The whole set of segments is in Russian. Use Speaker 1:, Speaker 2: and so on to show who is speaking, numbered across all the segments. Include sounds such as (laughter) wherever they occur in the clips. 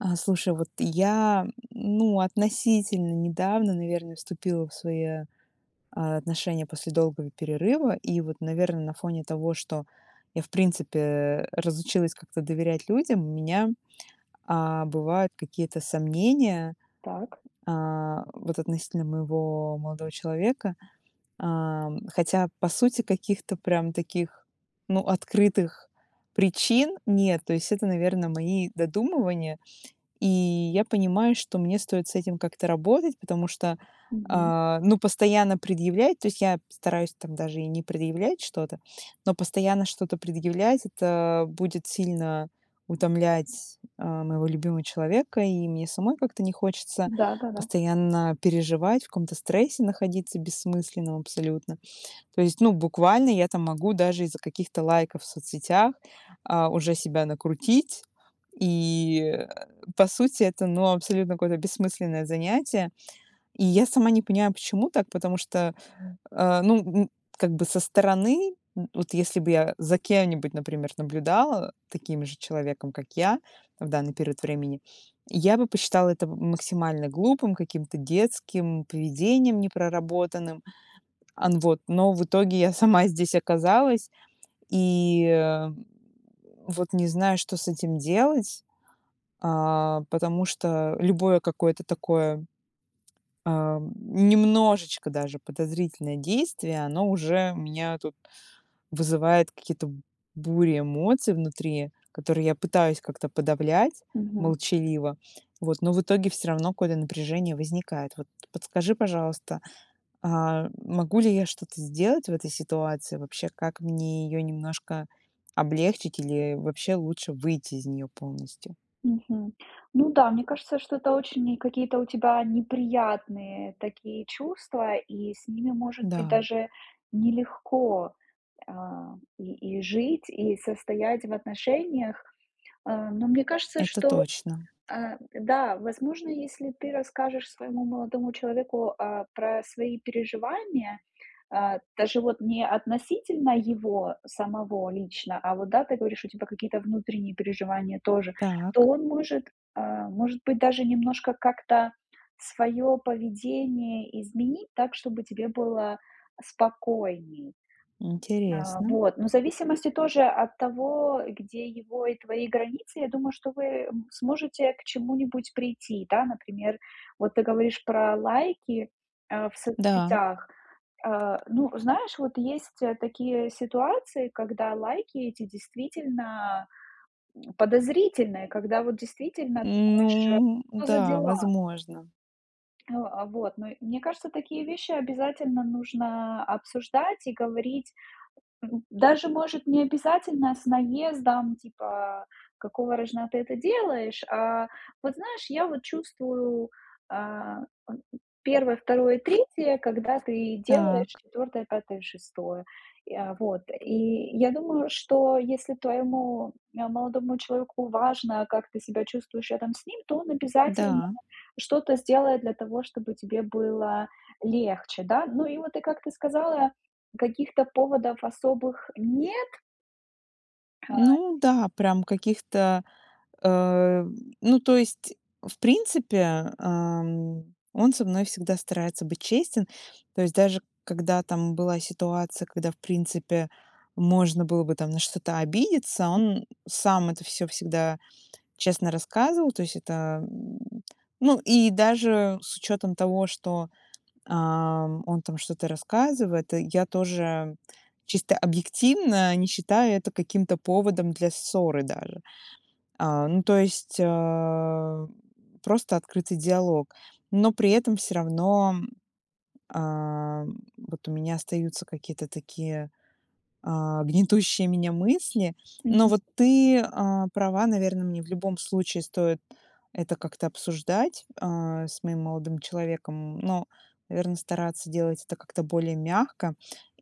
Speaker 1: А, слушай, вот я (grunts) ну относительно недавно, наверное, вступила в свои, а, отношения после долгого перерыва. И вот, наверное, на фоне того, что я в принципе разучилась как-то доверять людям, у меня, а, бывают какие-то сомнения.
Speaker 2: Так.
Speaker 1: А, вот относительно моего молодого человека. А, хотя, по сути, каких-то прям таких, ну, открытых причин нет. То есть это, наверное, мои додумывания. И я понимаю, что мне стоит с этим как-то работать, потому что,
Speaker 2: Мгм.
Speaker 1: а, ну, постоянно предъявлять- то есть, я стараюсь там даже и не предъявлять что-то,- но постоянно что-то предъявлять- это будет сильно утомлять, а, моего любимого человека. И мне самой как-то не хочется
Speaker 2: Да-да-да.
Speaker 1: постоянно переживать, в каком-то стрессе находиться бессмысленном абсолютно. То есть, ну буквально, я там могу даже из-за каких-то лайков в соцсетях, а, уже себя накрутить. И, э, по сути это, ну, абсолютно какое-то бессмысленное занятие. И я сама не понимаю, почему так, потому что, э, ну, м, как бы со стороны, м, вот если бы я за кем-нибудь, например, наблюдала, э, таким же человеком, как я в данный период времени- я бы посчитала это м максимально глупым, каким-то детским поведением, не проработанным. Ан, вот. Но в итоге я сама здесь оказалась и, э, вот не знаю, что с этим делать. А, потому что любое какое-то такое, а, немножечко даже подозрительное действие- оно уже у меня тут вызывает какие-то бури эмоций внутри, которые я пытаюсь как-то подавлять
Speaker 2: Мгм.
Speaker 1: молчаливо. Вот, но в итоге всё равно какое-то напряжение возникает. Вот подскажи, пожалуйста, а, могу ли я что-то сделать в этой ситуации вообще? Как мне её немножко облегчить или вообще лучше выйти из неё полностью?
Speaker 2: Мгм. Ну да, мне кажется, что это очень какие-то у тебя неприятные такие чувства, и с ними, может быть,
Speaker 1: Да.
Speaker 2: даже нелегко, а, и и жить, и состоять в отношениях. А, но мне кажется,
Speaker 1: Это
Speaker 2: что,
Speaker 1: точно.
Speaker 2: э, да, возможно, если ты расскажешь своему молодому человеку, а, про свои переживания, а, даже вот не относительно его самого лично, а вот да, ты говоришь у тебя какие-то внутренние переживания тоже, то
Speaker 1: Так.
Speaker 2: он может, а, может быть, даже немножко как-то своё поведение изменить так, чтобы тебе было спокойнее. А,
Speaker 1: Интересно.
Speaker 2: вот. Но в зависимости тоже от того, где его и твои границы, я думаю, что вы, м, сможете к чему-нибудь прийти, да? Например, вот ты говоришь про лайки, а, в
Speaker 1: Да.
Speaker 2: соцсетях. А, ну, знаешь, вот есть такие ситуации, когда лайки эти действительно, м, подозрительные, когда вот действительно думаешь: "Что
Speaker 1: Ну
Speaker 2: за
Speaker 1: да,
Speaker 2: дела?"
Speaker 1: возможно.
Speaker 2: Э, а, вот. Но мне кажется, такие вещи обязательно нужно обсуждать и говорить. М, даже, может, не обязательно с наездом, типа: "Какого рожна ты это делаешь?" А, вот, знаешь, я вот чувствую, а, ам, 1, 2, 3, когда ты делаешь
Speaker 1: Так.
Speaker 2: 4, 5, 6. И, а, вот. И я думаю, что если твоему, а, молодому человеку важно, как ты себя чувствуешь рядом с ним, то он обязательно
Speaker 1: Да.
Speaker 2: что-то сделает для того, чтобы тебе было легче, да. Ну и вот, и как ты сказала, каких-то поводов особых нет. (unintelligible)
Speaker 1: Ну да, прям каких-то, эм, ну, то есть, в принципе, ам, он со мной всегда старается быть честен. То есть даже когда там была ситуация, когда, в принципе, можно было бы там на что-то обидеться,
Speaker 2: М.
Speaker 1: он сам это всё всегда честно рассказывал. То есть это, м, ну, и даже с учётом того, что, ам, он там что-то рассказывает, я тоже чисто объективно не считаю это каким-то поводом для ссоры даже. А, ну, то есть, а, просто открытый диалог. Но при этом всё равно, а, вот у меня остаются какие-то такие, а, гнетущие меня мысли. Но
Speaker 2: Мгм.
Speaker 1: вот ты, а, права, наверно, мне в любом случае стоит это как-то обсуждать, а, с моим молодым человеком, но, наверно, стараться делать это как-то более мягко.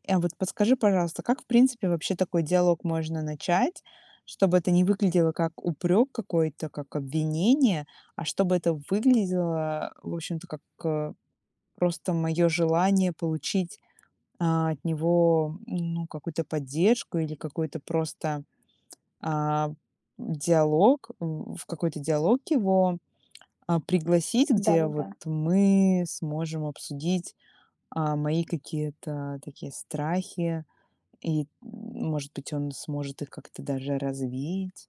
Speaker 1: А вот подскажи, пожалуйста, как, в принципе, вообще такой диалог можно начать, чтобы это не выглядело как упрёк какой-то, как обвинение, а чтобы это выглядело, в общем-то, как, э, просто моё желание получить, а, от него, ну, какую-то поддержку или какой-то просто, а, диалог. В какой-то диалог его, а, пригласить, где вот
Speaker 2: Да-да-да.
Speaker 1: мы сможем обсудить, а, мои какие-то такие страхи. И, может быть, он сможет их как-то даже развеять.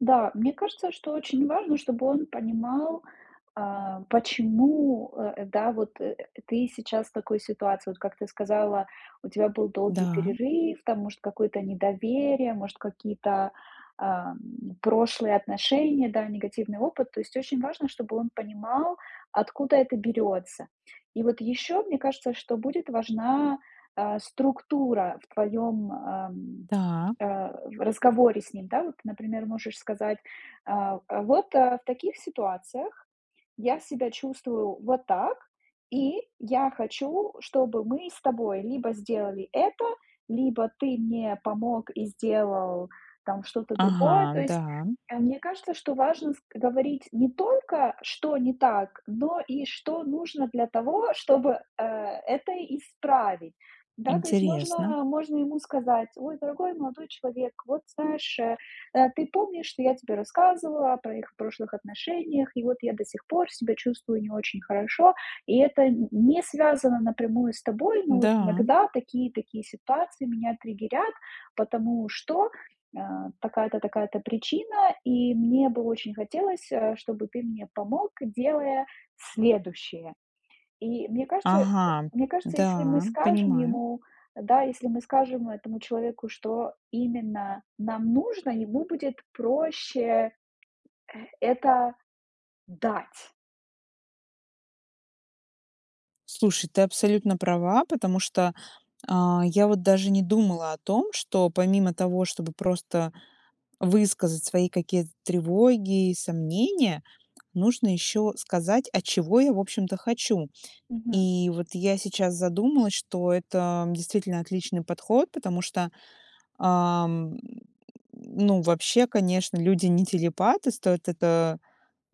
Speaker 2: Да, мне кажется, что очень важно, чтобы он понимал, а, почему, э, да, вот ты сейчас в такой ситуации. Вот как ты сказала, у тебя был долгий
Speaker 1: Да.
Speaker 2: перерыв, там, может, какое-то недоверие, может, какие-то, ам, прошлые отношения, да, негативный опыт. То есть очень важно, чтобы он понимал, откуда это берётся. И вот ещё, мне кажется, что будет важна, а, структура в твоём, ам,
Speaker 1: Да.
Speaker 2: а, разговоре с ним, да, вот? Например, можешь сказать, а: "А вот, а, в таких ситуациях я себя чувствую вот так, и я хочу, чтобы мы с тобой либо сделали это, либо ты мне помог и сделал там что-то другое".
Speaker 1: Ага,
Speaker 2: То есть,
Speaker 1: да.
Speaker 2: э, мне кажется, что важно ск говорить не только что не так, но и что нужно для того, чтобы, э, это исправить. Да, то есть
Speaker 1: Интересно.
Speaker 2: можно можно ему сказать: "Ой, дорогой молодой человек, вот знаешь, э, э, ты помнишь, что я тебе рассказывала о про их прошлых отношениях, и вот я до сих пор себя чувствую не очень хорошо. И это н не связано напрямую с тобой. Но вот
Speaker 1: Да.
Speaker 2: иногда такие и такие ситуации меня триггерят, потому что, а, такая-то, такая-то причина. И мне бы очень хотелось, а, чтобы ты мне помог, делая следующее". И мне кажется
Speaker 1: Ага,
Speaker 2: мне кажется, если мы
Speaker 1: да,
Speaker 2: скажем
Speaker 1: понимаю.
Speaker 2: ему, да, если мы скажем этому человеку, что именно нам нужно, ему будет проще, это дать.
Speaker 1: Слушай, ты абсолютно права, потому что, а, я вот даже не думала о том, что помимо того, чтобы просто высказать свои какие-то тревоги и сомнения, нужно ещё сказать, а чего я, в общем-то, хочу.
Speaker 2: Мгм.
Speaker 1: И вот я сейчас задумалась, что это действительно отличный подход, потому что, ам, ну, вообще, конечно, люди не телепаты, стоит это,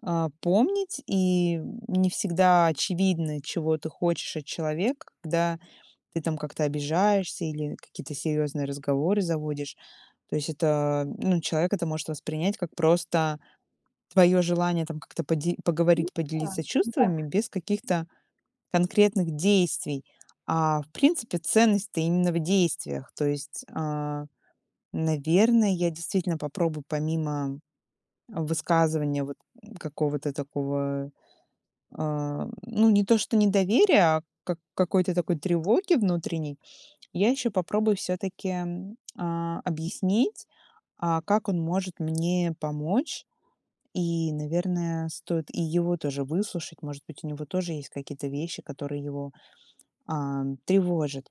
Speaker 1: а, помнить. И, м, не всегда очевидно, чего ты хочешь от человека, когда ты там как-то обижаешься или какие-то серьёзные разговоры заводишь. То есть это, ну, человек это может воспринять как просто твоё желание там как-то поде
Speaker 2: Ну
Speaker 1: поговорить, поделиться чувствами
Speaker 2: да-да.
Speaker 1: без каких-то конкретных действий. А в принципе ценность-то именно в действиях. То есть, а, наверно, я действительно попробую помимо высказывания вот какого-то такого, а, ну не то что недоверия, а как какой-то такой тревоги внутренней, я ещё попробую всё-таки, а, объяснить, а, как он может мне помочь и, наверное, стоит и его тоже выслушать. Может быть, у него тоже есть какие-то вещи, которые его, ам, тревожат.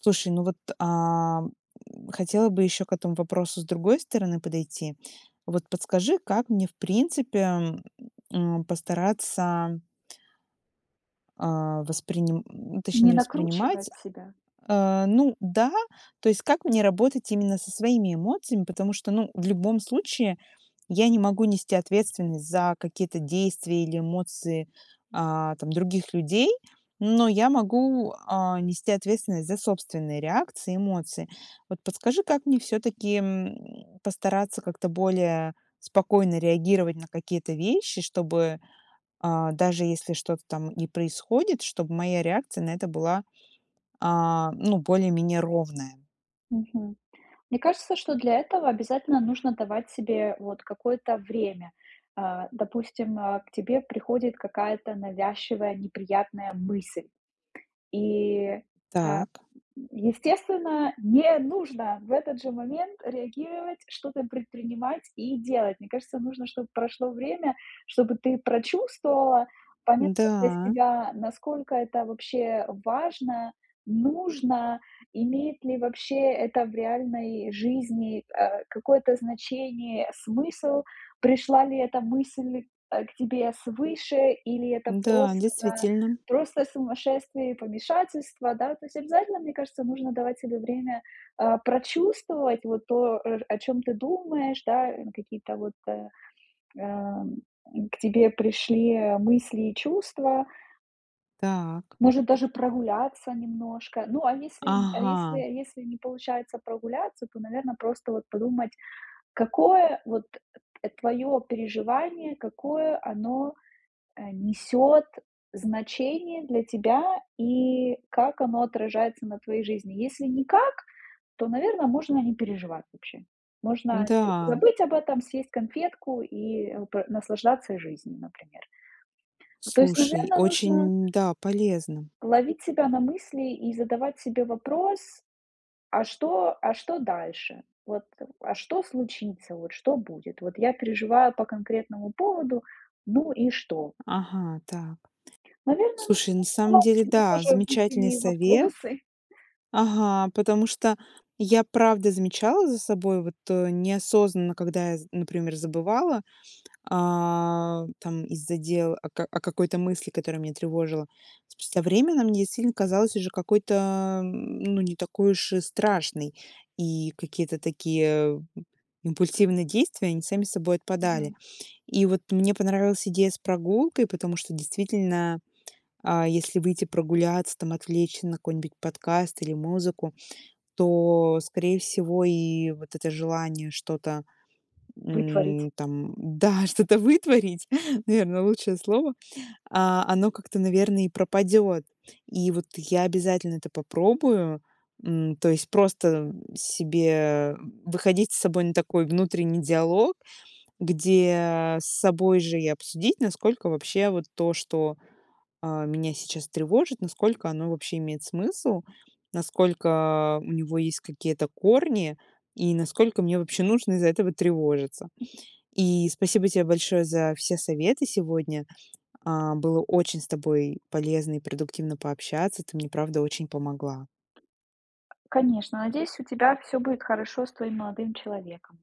Speaker 1: Слушай, ну вот, а, хотела бы ещё к этому вопросу с другой стороны подойти. Вот подскажи, как мне в принципе, м, постараться а, восприним точнее,
Speaker 2: Не
Speaker 1: не воспринимать.
Speaker 2: накручивать себя.
Speaker 1: Э, ну да, то есть как мне работать именно со своими эмоциями, потому что, ну, в любом случае я не могу нести ответственность за какие-то действия или эмоции, а, там, других людей, но я могу, а, нести ответственность за собственные реакции и эмоции. Вот подскажи, как мне всё-таки, м, постараться как-то более спокойно реагировать на какие-то вещи, чтобы, а, даже если что-то там и происходит, чтоб моя реакция на это была, а, ну, более-менее ровная.
Speaker 2: Мгм. Мне кажется, что для этого обязательно нужно давать себе вот какое-то время. А, допустим, а, к тебе приходит какая-то навязчивая, неприятная мысль. И, а,
Speaker 1: Так.
Speaker 2: естественно, не нужно в этот же момент реагировать, что-то предпринимать и делать. Мне кажется, нужно, чтоб прошло время, чтобы ты прочувствовала, поняла для
Speaker 1: Да.
Speaker 2: себя, насколько это вообще важно, нужно, имеет ли вообще это в реальной жизни, а, какое-то значение, смысл. Пришла ли эта мысль, э, к тебе свыше или это
Speaker 1: Да,
Speaker 2: просто,
Speaker 1: действительно.
Speaker 2: просто сумасшествие и помешательство, да? То есть, обязательно, мне кажется, нужно давать себе время, а, прочувствовать вот то, о чем ты думаешь, да, ну какие-то вот, э, ам, к тебе пришли мысли и чувства.
Speaker 1: Так.
Speaker 2: Может, даже прогуляться немножко. Ну, а если а если
Speaker 1: Ага.
Speaker 2: если не получается прогуляться, то, наверно, просто вот подумать, какое вот, э, твоё переживание, какое оно, э, несёт значение для тебя, и как оно отражается на твоей жизни. Если никак, то, наверно, можно не переживать вообще. Можно
Speaker 1: Да.
Speaker 2: забыть об этом, съесть конфетку и пр наслаждаться жизнью, например. То есть,
Speaker 1: Слушай,
Speaker 2: наверно, нужно
Speaker 1: очень, да, полезно.
Speaker 2: ловить себя на мысли и задавать себе вопрос: "А что а что дальше? Вот, а что случится? Вот что будет? Вот я переживаю по конкретному поводу, ну и что?"
Speaker 1: Ага, так. Т
Speaker 2: Наверно, нужно
Speaker 1: слушай, на самом
Speaker 2: задавать
Speaker 1: деле
Speaker 2: себе
Speaker 1: да,
Speaker 2: тоже
Speaker 1: замечательный
Speaker 2: внутренние
Speaker 1: совет.
Speaker 2: вопросы.
Speaker 1: Ага, потому что я правда замечала за собой вот, э, неосознанно, когда я, з например, забывала, а, там из-за дел о ка о какой-то мысли, которая меня тревожила. С со временем мне действительно казалась уже какой-то, м, ну, не такой уж и страшной. И какие-то такие, м, импульсивные действия, они сами собой отпадали.
Speaker 2: Мгм.
Speaker 1: И вот мне понравилась идея с прогулкой, потому что действительно, а, если выйти прогуляться там, отвлечься на какой-нибудь подкаст или музыку, то, скорее всего, и вот это желание что-то,
Speaker 2: Вытворить.
Speaker 1: м, там да, что-то вытворить, наверное, лучшее слово, а, оно как-то, наверное, и пропадёт. И вот я обязательно это попробую, м, то есть просто себе, м, выходить с собой на такой внутренний диалог, где с собой же и обсудить, насколько вообще вот то, что, а, меня сейчас тревожит, насколько оно вообще имеет смысл, насколько у него есть какие-то корни и насколько мне вообще нужно из-за этого тревожиться. И спасибо тебе большое за все советы сегодня. А, было очень с тобой полезно и продуктивно пообщаться, ты мне правда очень помогла.
Speaker 2: Конечно, надеюсь, у тебя всё будет хорошо с твоим молодым человеком.